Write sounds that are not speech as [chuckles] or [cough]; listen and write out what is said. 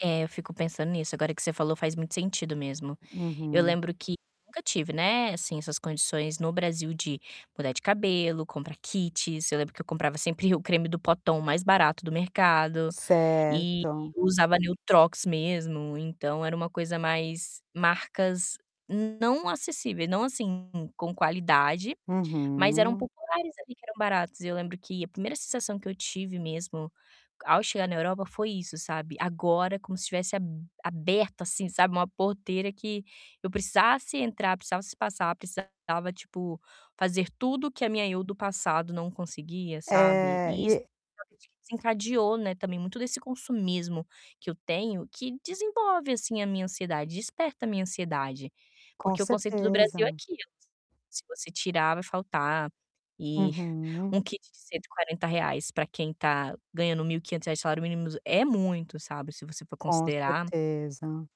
É, eu fico pensando nisso, agora que você falou, faz muito sentido mesmo. Eu Uhum. lembro que eu nunca tive, né, assim, essas condições no Brasil de mudar de cabelo, comprar kits. Eu lembro que eu comprava sempre o creme do potão mais barato do mercado e Certo. usava Neutrox mesmo, então, era uma coisa mais marcas não acessíveis, não, assim, com qualidade, mas eram Uhum. populares, ali, que eram baratos. E eu lembro que a primeira sensação que eu tive mesmo ao chegar na Europa foi isso, sabe, agora, como se estivesse ab aberto, assim, sabe, uma porteira que eu precisasse entrar, precisasse passar, precisava, tipo, fazer tudo que a minha eu do passado não conseguia, sabe. É E isso e [unintelligible] desencadeou, né, também muito desse consumismo que eu tenho, que desenvolve, assim, a minha ansiedade, desperta a minha ansiedade. Com Porque o conceito do certeza. Brasil é aquilo. Se você tirar, vai faltar. E [chuckles] Uhum. um kit de R$140.00 para quem tá ganhando R$1.500 de salário mínimo é muito, sabe, se você for Com considerar. certeza.